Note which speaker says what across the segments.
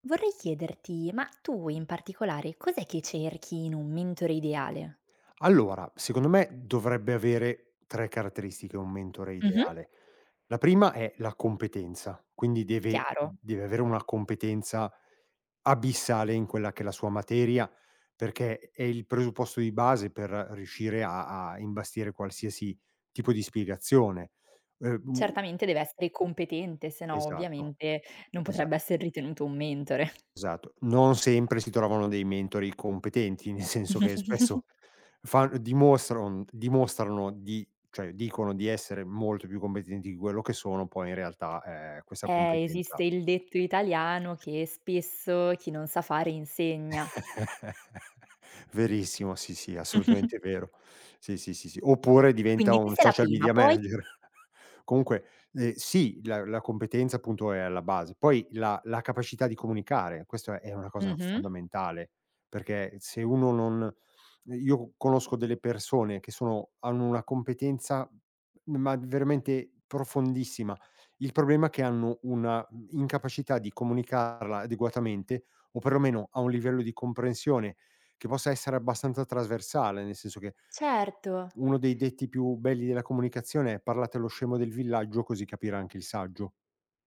Speaker 1: Vorrei chiederti, ma tu in particolare cos'è che cerchi in un mentore ideale?
Speaker 2: Allora, secondo me, dovrebbe avere 3 caratteristiche un mentore
Speaker 1: Mh-mh.
Speaker 2: ideale. La prima è la competenza, quindi deve
Speaker 1: Chiaro.
Speaker 2: deve avere una competenza abissale in quella che è la sua materia, perché è il presupposto di base per riuscire a a imbastire qualsiasi tipo di spiegazione. Uhm
Speaker 1: Certamente deve essere competente, sennò
Speaker 2: Esatto,
Speaker 1: ovviamente, non potrebbe
Speaker 2: esatto.
Speaker 1: essere ritenuto un mentore.
Speaker 2: Esatto. Non sempre si trovano dei mentori competenti, nel senso che spesso, fan dimostrano, mhmm, dimostrano di cioè, dicono di essere molto più competenti di quello che sono, poi in realtà, ehm, questa
Speaker 1: Eh, esiste
Speaker 2: competenza
Speaker 1: il detto italiano che spesso, chi non sa fare insegna.
Speaker 2: Verissimo, sì, sì, assolutamente vero. Sì, sì, sì, sì, oppure diventa
Speaker 1: Quindi,
Speaker 2: un
Speaker 1: questa è la
Speaker 2: social
Speaker 1: prima,
Speaker 2: media
Speaker 1: poi?
Speaker 2: manager. Comunque, ehm, sì, la la competenza appunto, è alla base. Poi, la la capacità di comunicare, questo è una cosa
Speaker 1: Mh-mh.
Speaker 2: fondamentale. Perché, se uno non io conosco delle persone che sono hanno una competenza, ma veramente profondissima. Il problema è che hanno una incapacità di comunicarla adeguatamente, o perlomeno, a un livello di comprensione che possa essere abbastanza trasversale, nel senso che
Speaker 1: Certo.
Speaker 2: uno dei detti più belli della comunicazione è "parlate allo scemo del villaggio così capirà anche il saggio."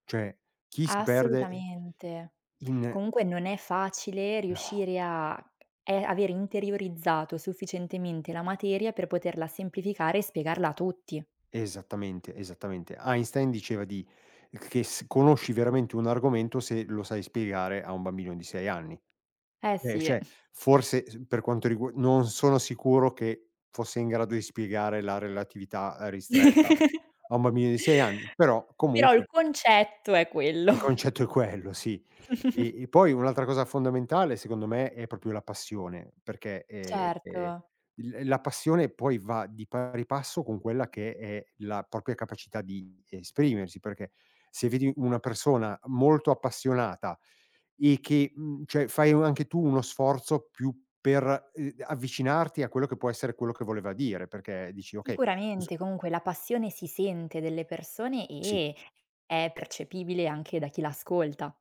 Speaker 2: Cioè chi si perde
Speaker 1: Assolutamente.
Speaker 2: in
Speaker 1: Comunque non è facile
Speaker 2: No.
Speaker 1: riuscire a e avere interiorizzato sufficientemente la materia per poterla semplificare e spiegarla a tutti.
Speaker 2: Esattamente, esattamente. Einstein diceva di che s conosci veramente un argomento se lo sai spiegare a un bambino di 6 anni.
Speaker 1: Eh,
Speaker 2: Eh,
Speaker 1: si.
Speaker 2: cioè, forse s per quanto rigu non sono sicuro che fosse in grado di spiegare la relatività ristretta a un bambino di 6 anni, però,
Speaker 1: Però il
Speaker 2: comunque
Speaker 1: concetto è quello.
Speaker 2: il concetto è quello sì. E e poi un'altra cosa fondamentale secondo me, è proprio la passione perché, ehm,
Speaker 1: Certo.
Speaker 2: l la passione poi va di pari passo con quella che è la propria capacità di esprimersi, perché, se vedi una persona molto appassionata e che mhmm, cioè, fai anche tu uno sforzo più per, uhm, avvicinarti a quello che può essere quello che voleva dire perché dici: "Okay s"
Speaker 1: Sicuramente, comunque la passione si sente delle persone
Speaker 2: Sì.
Speaker 1: e è percepibile anche da chi l'ascolta.